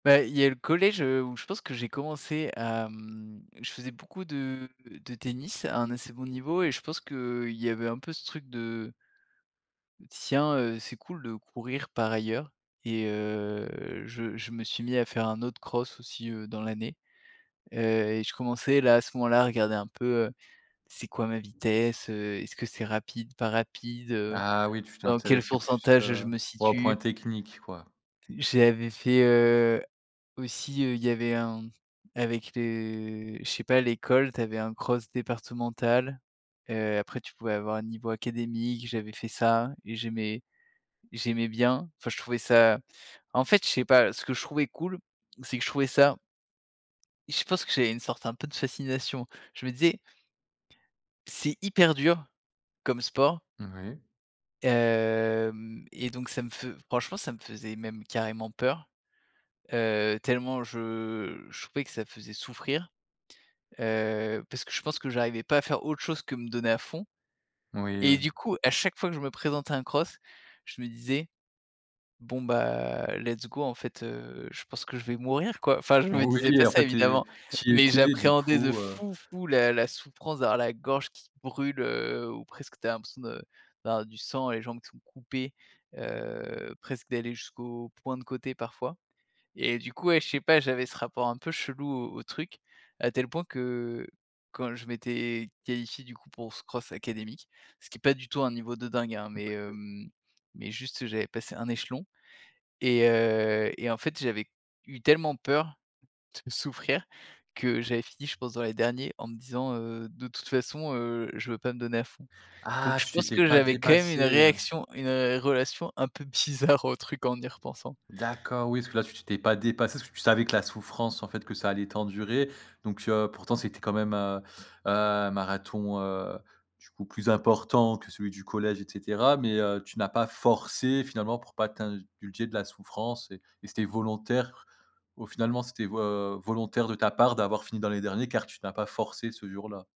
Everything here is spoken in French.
Bah, il y a le collège, heu, où je pense que j'ai commencé à mmh, je faisais beaucoup de de tennis à un assez bon niveau et je pense qu'il y avait un peu ce truc de «tiens, heu, c'est cool de courir» par ailleurs et heu je je me suis mis à faire un autre cross aussi, heu, dans l'année. Heu et je commençais là, à ce moment-là, à regarder un peu, heu, c'est quoi ma vitesse? Heu, est-ce que c'est rapide, pas rapide? Heu, Ah oui, tu dans quel t'intéressais plus, pourcentage je heu me ouais, aux points situe? techniques, quoi. T j'avais fait, heu, aussi, heu, il y avait un avec les je sais pas, l'école, tu avais un cross départemental. Heu, après, tu pouvais avoir un niveau académique. J'avais fait ça et j'aimais j'aimais bien. Enfin, je trouvais ça en fait, je sais pas. Ce que je trouvais cool, c'est que je trouvais ça Je pense que j'avais une sorte un peu de fascination. Je me disais: «c'est hyper dur, comme sport». Moui. Hem et donc ça me fe franchement, ça me faisait même carrément peur. Heu, tellement je je trouvais que ça faisait souffrir. Heu, parce que je pense que j'arrivais pas à faire autre chose que me donner à fond. Moui, Et oui. du coup, à chaque fois que je me présentais à un cross, je me disais: «Bon, bah, let's go, en fait. Heu, je pense que je vais mourir, quoi!». Enfin je me disais pas Oui, en ça fait, tu es évidemment, tu y mais étais, et du j'appréhendais, de coup, heu fou, fou, la la souffrance, d'avoir la gorge qui brûle, heu, ou presque, tu as l'impression de d'avoir du sang, et les jambes qui sont coupées, heu, presque d'aller jusqu'au point de côté, parfois. Et du coup, ouais, je sais pas, j'avais ce rapport un peu chelou au au truc, à tel point que, quand je m'étais qualifié, du coup, pour ce cross académique ce qui est pas du tout un niveau de dingue, hein, En mais, effet. hem, mais juste j'avais passé 1 échelon. Et heu et en fait j'avais eu tellement peur de souffrir que j'avais fini, je pense, dans les derniers en me disant: «Heu, de toute façon, heu, je veux pas me donner à fond», donc Ah! je Tu pense t'étais que pas j'avais quand même une dépassé, hein? réaction une relation un peu bizarre, au truc, en y repensant. D'accord, oui, parce que là, tu t'étais pas dépassé, parce que tu savais que la souffrance, en fait, que ça allait t'endurer. Donc, heu, pourtant, c'était quand même, heu heu, un marathon, heu, du coup plus important que celui du collège et cetera, mais, heu, tu n'as pas forcé, finalement. Pour pas t'ind dulger de la souffrance et et c'était volontaire, au finalement c'était vo heu, volontaire de ta part d'avoir fini dans les derniers car tu n'as pas forcé ce jour-là.